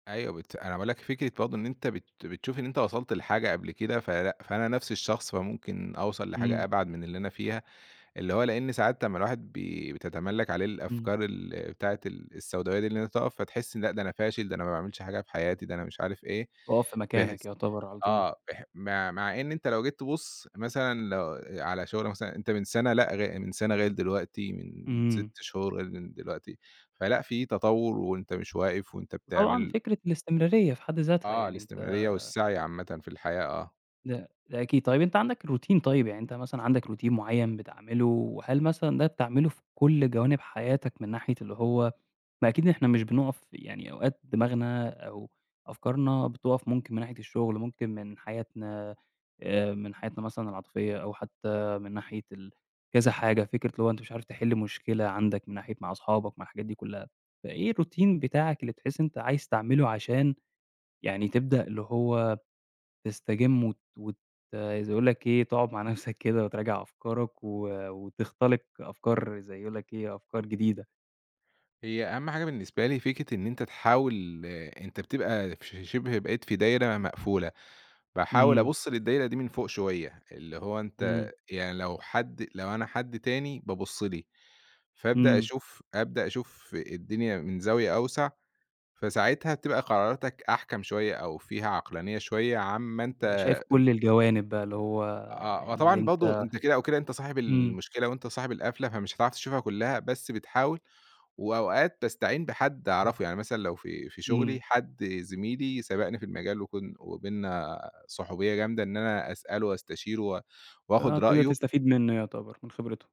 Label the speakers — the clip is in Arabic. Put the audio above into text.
Speaker 1: أيوه بت أنا باقول لك فكرة برضه إن أنت بت بتشوف إن أنت وصلت لحاجة قبل كده فلأ فأنا نَفْس الشخص فممكن أوْصل لحاجة
Speaker 2: إمم.
Speaker 1: أبعد من اللي أنا فيها، اللي هو لإن ساعات لمّا الواحد بي بتَتَملًّك عليه
Speaker 2: إمم.
Speaker 1: الأفكار ال بتاعة ال السوْداويّة اللي أنت تقف فتحس لأ ده أنا فاشل، ده أنا ما باعملش حاجة في حياتي، ده أنا مش عارف إيه،
Speaker 2: اقف في
Speaker 1: بحيث
Speaker 2: مكانك يُعْتبر على طول.
Speaker 1: آه بح مع مع إن أنت لو جيت تبُص مثلًا لو على شهرة مثلًا أنت من سَنَة لأ غ من سنة غير دلوقتي من 6
Speaker 2: إمم.
Speaker 1: شهورغير من دلوقتي، فلأ في تَطَوُّر، وأنت مش واقف، وأنت
Speaker 2: وطبعًا
Speaker 1: بتعمل.
Speaker 2: فكرة الاستمرارية في حد ذاتها،
Speaker 1: آه
Speaker 2: يعني أنت
Speaker 1: الاستمرارية والسعي عامةً في الحياة، آه.
Speaker 2: لأ ده أكيد، طيب أنت عندك روتين طيب يعني أنت مثلًا عندك روتين معين بتعمله؟ وهل مثلًا ده بتعمله في كل جوانب حياتك من ناحية اللي هو ما أكيد إحنا مش بنقف يعني أوقات دماغنا أو أفكارنا بتقف ممكن من ناحية الشغل ممكن من حياتنا، آآ من حياتنا مثلًا العاطفية أو حتى من ناحية ال كذا حاجة، فكرة اللي هو أنت مش عارف تحل مشكلة عندك من ناحية مع أصحابك مع الحاجات دي كلها، فإيه الروتين بتاعك اللي بتحس إن أنت عايز تعمله عشان يعني تبدأ اللي هو تسْتجم وت وت زي أقول لك إيه تقعد مع نَفْسَك كده وتراجع أفكارك و وتخْتلق أفكار زي يقول لك إيه، أفكار جديدة.
Speaker 1: هي أهم حاجة بالنسبة لي فكرة إن أنت تحاول أنت بتبقى في شِبْه بقيت في دايرة مقفولة، باحاول
Speaker 2: إمم.
Speaker 1: أبُص للدايرة دي من فوق شوية، اللي هو أنت
Speaker 2: إمم.
Speaker 1: يعني لو حد لو أنا حد تاني بابُص لي، فأبدأ
Speaker 2: إمم.
Speaker 1: أشوف أبدأ أشوف الدنيا من زاوية أوْسع فساعتها بتبقى قراراتك أحْكَم شوية أو فيها عقلانية شوية عن ما أنت
Speaker 2: ده
Speaker 1: أ
Speaker 2: شايف كل الجوانب بقى، اللي هو آآ
Speaker 1: آه، هو
Speaker 2: اللي
Speaker 1: طبعًا برضه
Speaker 2: أنت
Speaker 1: أنت كده أو كده أنت صاحب
Speaker 2: إمم.
Speaker 1: المشكلة وأنت صاحب القفلة فمش هتعرف تشوفها كلها بس بتحاول، وأوقات باسْتعين بحد أعرفه يعني مثلًا لو في في شغلي
Speaker 2: إمم.
Speaker 1: حد زميلي سَبقْني في المجال وكن وبيننا صُحوْبية جامدة إن أنا أسأله وأستشيره و وآخد
Speaker 2: آه بتقدر
Speaker 1: رأيه
Speaker 2: تسْتفيد منه يِعْتبَر من خبرته.